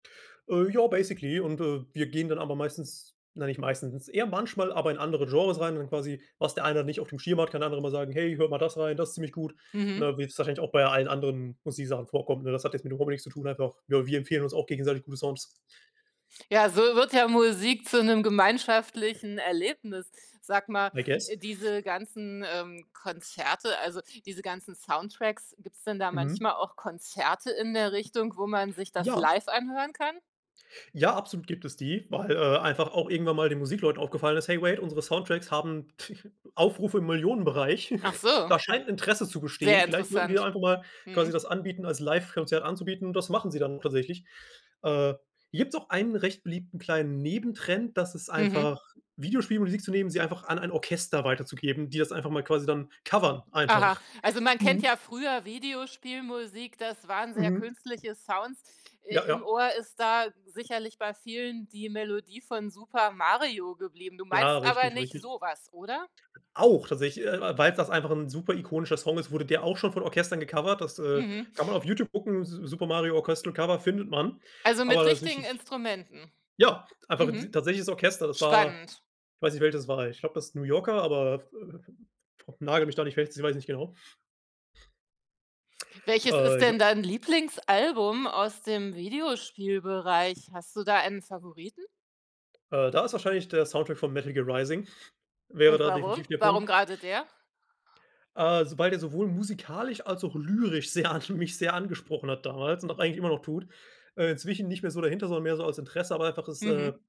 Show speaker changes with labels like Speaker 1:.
Speaker 1: Äh, ja, basically. Und, äh, wir gehen dann aber meistens na nicht meistens, eher manchmal, aber in andere Genres rein und quasi, was der eine dann nicht auf dem Schirm hat, kann der andere immer sagen: „Hey, hört mal das rein, das ziemlich gut."
Speaker 2: Mhm.
Speaker 1: Ne? Wie es wahrscheinlich auch bei allen anderen Musiksachen, vorkommt, ne? Das hat jetzt mit Robo nichts zu tun. Einfach, ja, wir empfehlen uns auch gegenseitig gute Songs.
Speaker 2: Ja, so wird ja Musik zu 'nem gemeinschaftlichen Erlebnis. Sag mal,
Speaker 1: I guess.
Speaker 2: äh, diese ganzen, ähm, Konzerte also, diese ganzen Soundtracks, gibt's denn da
Speaker 1: Mhm.
Speaker 2: manchmal auch Konzerte in der Richtung, wo man sich das
Speaker 1: Ja.
Speaker 2: live anhören kann?
Speaker 1: Ja, absolut gibt es die, weil, äh, einfach auch irgendwann mal den Musikleuten aufgefallen ist: „Hey wait, unsere Soundtracks haben Aufrufe im Millionenbereich.
Speaker 2: Ach so,
Speaker 1: Da scheint Interesse zu bestehen.
Speaker 2: sehr
Speaker 1: Vielleicht würden wir
Speaker 2: interessant.
Speaker 1: einfach mal quasi das
Speaker 2: Mhm.
Speaker 1: anbieten als Live Konzert anzubieten" und das machen sie dann tatsächlich. Äh, hier gibt's auch einen recht beliebten kleinen Nebentrend, das ist einfach
Speaker 2: Mhm.
Speaker 1: Videospiele und Musik zu nehmen, sie einfach an ein Orchester weiterzugeben, die das einfach mal quasi dann covern
Speaker 2: Aha,
Speaker 1: einfach.
Speaker 2: also man kennt
Speaker 1: Mhm.
Speaker 2: ja früher Videospielmusik, das waren sehr
Speaker 1: Mhm.
Speaker 2: künstliche Sounds.
Speaker 1: Ja,
Speaker 2: Äh, im
Speaker 1: ja.
Speaker 2: Ohr ist da sicherlich bei vielen die Melodie von Super Mario geblieben. Du
Speaker 1: Ja,
Speaker 2: meinst aber
Speaker 1: richtig,
Speaker 2: nicht
Speaker 1: richtig.
Speaker 2: so was, oder?
Speaker 1: Auch, tatsächlich, äh, weil's das einfach 'n super ikonischer Song ist, wurde der auch schon von Orchestern gecovert, das, äh,
Speaker 2: Mhm.
Speaker 1: kann man auf Youtube gucken, „S-Super Mario Orchestral Cover“ findet man.
Speaker 2: Also,
Speaker 1: Aber
Speaker 2: mit richtigen
Speaker 1: tatsächlich
Speaker 2: Instrumenten.
Speaker 1: ja, einfach t
Speaker 2: Mhm.
Speaker 1: tatsächliches Orchester, das war
Speaker 2: Spannend.
Speaker 1: weiß nicht, welches es war, ich glaube, das New Yorker, aber vo nagele mich da nicht fest, ich weiss nicht genau.
Speaker 2: Welches ist
Speaker 1: Äh, ja.
Speaker 2: denn dein Lieblingsalbum aus dem Videospielbereich? Hast du da einen Favoriten?
Speaker 1: Äh, da ist wahrscheinlich der Soundtrack von Metal Gear Rising, wäre
Speaker 2: Und
Speaker 1: da
Speaker 2: warum?
Speaker 1: definitiv der
Speaker 2: Warum
Speaker 1: Punkt.
Speaker 2: gerade der?
Speaker 1: Äh, sobald er sowohl musikalisch als auch lyrisch sehr an mich sehr angesprochen hat damals und auch eigentlich immer noch tut, äh, inzwischen nicht mehr so dahinter sondern mehr so als Interesse, aber einfach ist,
Speaker 2: Mhm.
Speaker 1: äh